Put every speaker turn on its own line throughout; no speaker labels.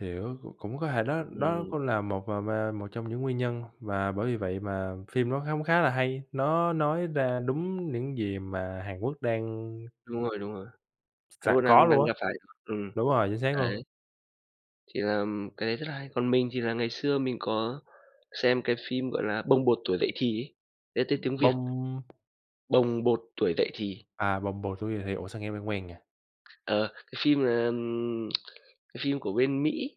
Hiểu, cũng cũng có thể đó đó
Ừm.
cũng là một và ma một trong những nguyên nhân mà bởi vì vậy mà phim nó hóng khá là hay, nó nói ra đúng những gì mà Hàn Quốc đang
Đúng rồi, đúng rồi. Hàn
sẵn
Quốc
có
đang đang
luôn
gặp
á.
phải [unintelligible] ừm,
Đúng rồi, chính xác luôn.
đấy, thì làm cái đấy rất là hay. Còn mình thì là ngày xưa mình có xem cái phim, gọi là, "Bồng bột tuổi dậy thì" ấy, đấy tên tiếng Việt.
Bông
"Bồng bột tuổi dậy thì."
À, "Bồng bột tuổi dậy thì." Ủa, sao nghe quen quen nhỉ?
Ờ, cái phim này, ừm, cái phim của bên Mỹ,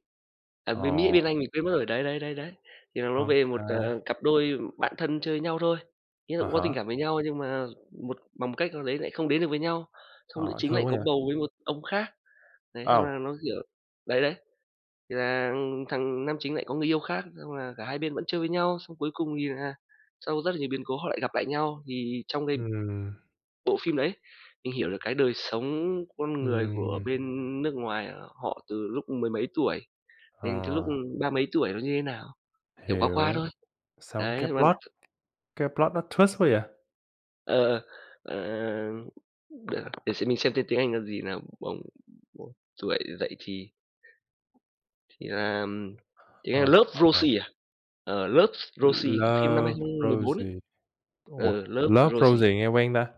à, bên Mỹ,
Ồ.
bên Anh mình quên mất rồi, đấy, đấy, đấy, đấy. Thì nó
Ô
nói về một, à,
kê.
cặp đôi bạn thân chơi với nhau thôi, ý là
À
cũng có tình
há.
cảm với nhau nhưng mà một bằng một cách nào đấy lại không đến được với nhau. Xong nữ
Ờ,
chính lại
thương quá
có
vậy?
bầu với một ông khác, đấy, xong
Âu.
là nó, kiểu đấy, đấy, thì là, ừm, thằng nam chính lại có người yêu khác, xong là cả hai bên vẫn chơi với nhau, xong cuối cùng thì là sau rất là nhiều biến cố họ lại gặp lại nhau. Thì trong cái
Ừm.
bộ phim đấy, mình hiểu được cái đời sống con người của
Ừm.
bên nước ngoài họ từ lúc mười mấy tuổi đến cái lúc,
Ờ.
ưm, ba mấy tuổi nó như thế nào, hiểu qua qua
Hiểu.
thôi.
Xong cái
Đấy, và
plot, cái plot, nó twist quá vậy?
Ờ, ờ, ờ, ờ, ừm, được, để xem mình xem tên tiếng Anh là gì nào? "Bồng bột tuổi dậy thì." Thì là, ừm, tiếng Anh
Ờ
"Love,
[unintelligible]
Rosie" à? Ờ, "Love,
"L
Rosie," phim năm hai
Love,
không mười bốn ấy.
Rosie." Ủa,
Ừ, "Love,
"Love,
Rosie."
Rosie" nghe quen ta,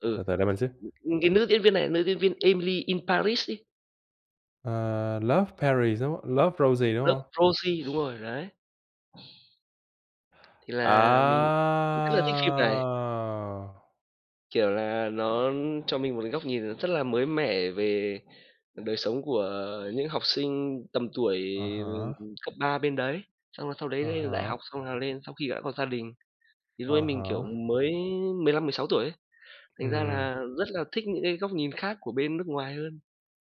Ừ.
từ từ đợi mình xíu.
Ừm, cái nữ diễn viên này nữ diễn viên Emily in Paris ấy.
Ờ, Love, Perry, đúng "Love, Rosie," đúng
"Love,
hông?
Rosie," đúng rồi, đấy. Thì là mình mình rất là thích phim này.
À!
Kiểu là nó cho mình một cái góc nhìn rất là mới mẻ về đời sống của những học sinh tầm tuổi,
À
ừm,
há.
cấp 3 bên đấy. Xong là sau đấy
À
lên lên đại
há.
học, xong là lên sau khi đã có gia đình. Thì
À
lúc ấy mình, kiểu,
há.
mới 15, 16 tuổi ấy, thành ra
Ừm.
là rất là thích những cái góc nhìn khác của bên nước ngoài hơn.